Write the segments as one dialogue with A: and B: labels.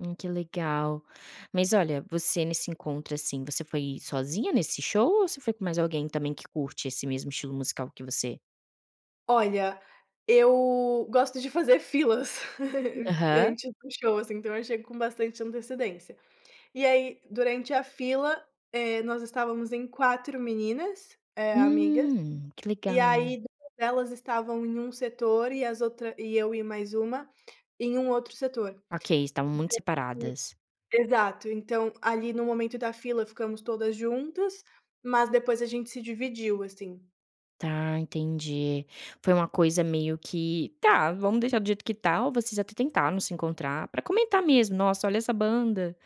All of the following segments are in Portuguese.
A: Hum, que legal! Mas, olha, você nesse encontro, assim, você foi sozinha nesse show ou você foi com mais alguém também que curte esse mesmo estilo musical que você?
B: Olha, eu gosto de fazer filas em
A: Aham.
B: tipo show, assim, então eu achei com bastante antecedência. E aí durante a fila, eh, nós estávamos em 4 meninas, eh, amigas,
A: Hum, que
B: e,
A: legal!
B: aí, elas estavam em um setor e as outra e eu e mais uma, em um outro setor.
A: Okay, estavam muito
B: Então
A: separadas.
B: exato, então ali no momento da fila ficamos todas juntas mas depois a gente se dividiu, assim.
A: Tá, entendi, foi uma coisa meio que: "Tá, vamos deixar do jeito que está." ou vocês até tentaram se encontrar para comentar, mesmo: "Nossa, olha, essa banda".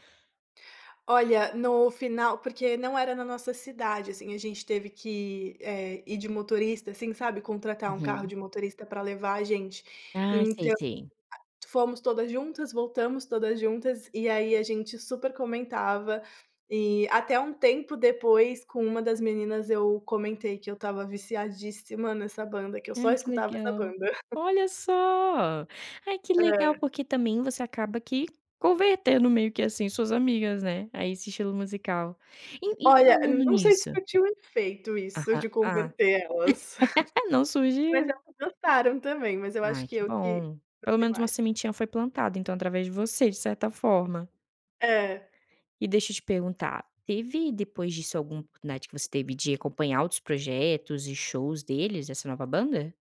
B: Olha, no final porque não era na nossa cidade, assim, a gente teve que, eh, ir de motorista, assim, sabe, contratar um carro
A: Uhum.
B: de motorista para levar a gente.
A: Ah, sei,
B: Então,
A: sei.
B: a fomos todas juntas, voltamos todas juntas e, aí, a gente super comentava e até um tempo depois com uma das meninas eu comentei que eu estava viciadíssima nessa banda, que eu só
A: Ai que
B: escutava essa
A: legal!
B: banda.
A: Olha só! Ai, que legal!
B: Hã.
A: Porque também você acaba que convertendo meio que, assim, suas amigas, né, aí, esse estilo musical. E e
B: Olha,
A: falando
B: não sei se
A: nisso
B: surtiu efeito isso
A: Ah,
B: de
A: ah.
B: converter elas.
A: Não
B: Mas
A: surgiu.
B: elas gostaram também, mas eu acho
A: Ai,
B: que
A: que
B: eu que
A: bom, pelo
B: curti
A: menos uma
B: mais.
A: sementinha foi plantada então através de você de certa forma.
B: É.
A: E deixa eu te perguntar teve depois disso algum oportunidade que você teve de acompanhar outros projetos e shows deles, dessa nova banda?